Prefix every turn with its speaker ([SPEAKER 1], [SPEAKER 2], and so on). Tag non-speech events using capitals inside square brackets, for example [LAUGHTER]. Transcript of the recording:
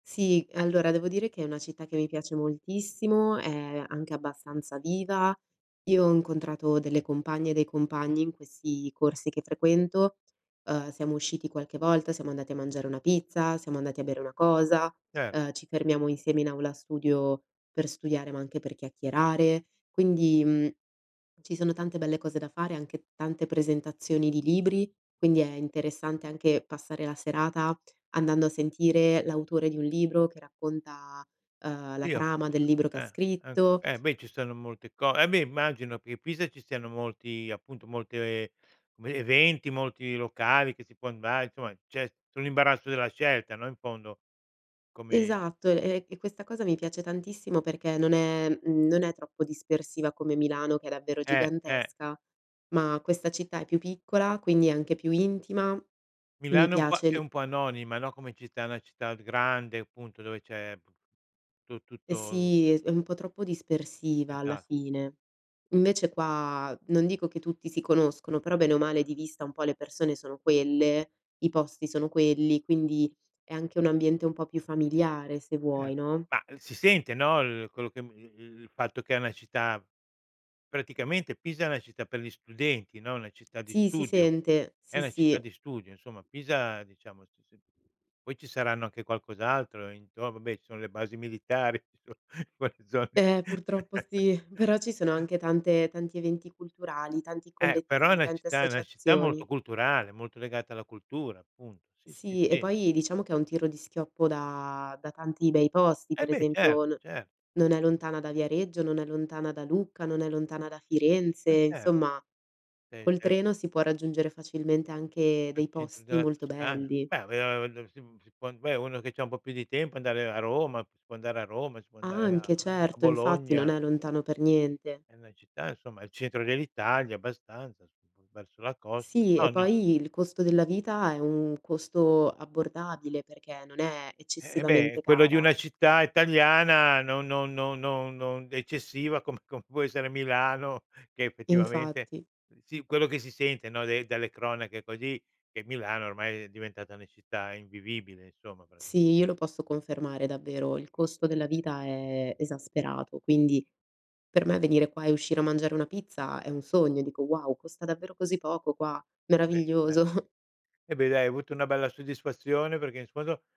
[SPEAKER 1] Sì, allora devo dire che è una città che mi piace moltissimo, è anche abbastanza viva. Io ho incontrato delle compagne e dei compagni in questi corsi che frequento. Ehm, siamo usciti qualche volta, siamo andati a mangiare una pizza, siamo andati a bere una cosa,
[SPEAKER 2] Cer
[SPEAKER 1] ehm, ci fermiamo insieme in aula studio per studiare, ma anche per chiacchierare. Quindi, uhm, ci sono tante belle cose da fare, anche tante presentazioni di libri, quindi è interessante anche passare la serata andando a sentire l'autore di un libro che racconta, ehm, la
[SPEAKER 2] Io
[SPEAKER 1] trama del libro che ha
[SPEAKER 2] ehm, ehm,
[SPEAKER 1] scritto
[SPEAKER 2] eh beh, ci stanno molte co eh, beh immagino che a Pisa ci siano molti, appunto, molte [SWALLOWS] le eventi, molti locali che si può andar insomma c'è su l'imbarazzo della scelta, no, in fondo. Come
[SPEAKER 1] Esatto, e e e questa cosa mi piace tantissimo, perché non è, uhm, non è troppo dispersiva come Milano, che è davvero
[SPEAKER 2] Eh, eh.
[SPEAKER 1] gigantesca, ma questa città è più piccola, quindi è anche più intima, mi
[SPEAKER 2] Milano è un po'
[SPEAKER 1] piace
[SPEAKER 2] è
[SPEAKER 1] l'i
[SPEAKER 2] un po' anonima, no, come città, è una città grande appunto dove c'è tu
[SPEAKER 1] E
[SPEAKER 2] tutto
[SPEAKER 1] sì, è è un po' troppo dispersiva alla
[SPEAKER 2] Esa
[SPEAKER 1] fine. Invece qua, non dico che tutti si conoscono, però bene o male di vista un po' le persone sono quelle, i posti sono quelli, quindi è anche un ambiente un po' più familiare se
[SPEAKER 2] Eh.
[SPEAKER 1] vuoi, no?
[SPEAKER 2] Ma, si sente no, l quello che [UNINTELLIGIBLE] il fatto che è una città Praticamente Pisa è una città per gli studenti no, una città di
[SPEAKER 1] Sì, si
[SPEAKER 2] studio.
[SPEAKER 1] sente,
[SPEAKER 2] È
[SPEAKER 1] sì,
[SPEAKER 2] una città
[SPEAKER 1] sì.
[SPEAKER 2] di studio, insomma, Pisa diciamo si si poi ci saranno anche qualcos'altro intor vabbè ci sono le basi militari [CHUCKLES] in quelle zone lì.
[SPEAKER 1] Ehm, purtroppo sì, però ci sono
[SPEAKER 2] [CHUCKLES]
[SPEAKER 1] anche tante tanti eventi culturali, tanti
[SPEAKER 2] Eh, però è
[SPEAKER 1] collettivi,
[SPEAKER 2] una
[SPEAKER 1] tante
[SPEAKER 2] città una città molto
[SPEAKER 1] associazioni.
[SPEAKER 2] culturale, molto legata alla cultura appunto. Sì, sì,
[SPEAKER 1] Sì, e
[SPEAKER 2] sì.
[SPEAKER 1] poi diciamo che è un tiro di schioppo da da tanti bei posti,
[SPEAKER 2] Eh
[SPEAKER 1] per
[SPEAKER 2] beh, cert
[SPEAKER 1] esempio no
[SPEAKER 2] cer
[SPEAKER 1] non è lontana da Viareggio, non è lontana da Lucca, non è lontana da Firenze,
[SPEAKER 2] E cer
[SPEAKER 1] insomma
[SPEAKER 2] Sì,
[SPEAKER 1] col
[SPEAKER 2] sì.
[SPEAKER 1] treno si può raggiungere facilmente anche
[SPEAKER 2] Al
[SPEAKER 1] dei
[SPEAKER 2] centro
[SPEAKER 1] posti
[SPEAKER 2] della
[SPEAKER 1] molto
[SPEAKER 2] Toscana.
[SPEAKER 1] belli.
[SPEAKER 2] Beh [UNINTELLIGIBLE] si si può beh, uno che c'ha un po' più di tempo andare a Roma, si può andare a Roma, si può andare a
[SPEAKER 1] Anche,
[SPEAKER 2] a
[SPEAKER 1] certo, infatti, non
[SPEAKER 2] Bologna.
[SPEAKER 1] è lontano per niente.
[SPEAKER 2] È una città insomma al centro dell'Italia, abbastanza, su [UNINTELLIGIBLE] verso la costa.
[SPEAKER 1] Sì,
[SPEAKER 2] No,
[SPEAKER 1] e
[SPEAKER 2] no.
[SPEAKER 1] poi il costo della vita è un costo abbordabile, perché non è
[SPEAKER 2] Eh beh,
[SPEAKER 1] eccessivamente
[SPEAKER 2] quello di
[SPEAKER 1] cara.
[SPEAKER 2] una città italiana, non non non non non eccessiva come come può essere Milano che effettivamente
[SPEAKER 1] Infatti.
[SPEAKER 2] sì, quello che si sente no dai dalle cronache così, che Milano ormai è diventata una città invivibile, insomma,
[SPEAKER 1] Sì,
[SPEAKER 2] praticamente.
[SPEAKER 1] io lo posso confermare davvero, il costo della vita è esasperato, quindi per me venire qua e uscire a mangiare una pizza è un sogno, dico: "Wow, costa davvero così poco qua,
[SPEAKER 2] Beh, ma
[SPEAKER 1] meraviglioso!" [CHUCKLES]
[SPEAKER 2] e beh, dai, hai avuto una bella soddisfazione perché infondo